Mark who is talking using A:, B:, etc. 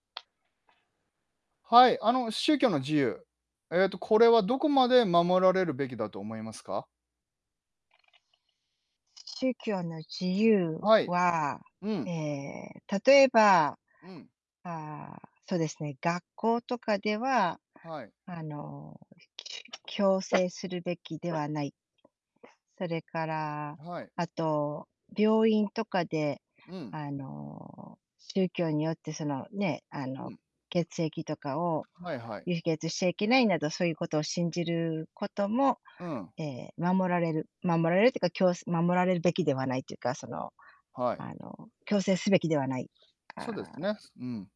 A: はい、あの宗教の自由、ええとこれはどこまで守られるべきだと思いますか？
B: 宗教の自由
A: はい。
B: は、
A: う
B: え
A: ん。
B: え、例えば。
A: うん。
B: ああそうですね、学校とかでは
A: はい。
B: あの、きゅ強制するべきではない。それから
A: はい。
B: あと、病院とかで
A: うん。
B: あの宗教によってその、ね、あ
A: う
B: の、
A: ん。
B: 血液とかを、
A: はいはい。
B: 輸血しちゃいけないなどそういうことを信じることも、
A: うん。
B: ええ守られる守られるっていうか、きょう守られるべきではないというかその、
A: はい。
B: あの強制すべきではない。あ
A: そうです
B: あ。
A: ね。すうん。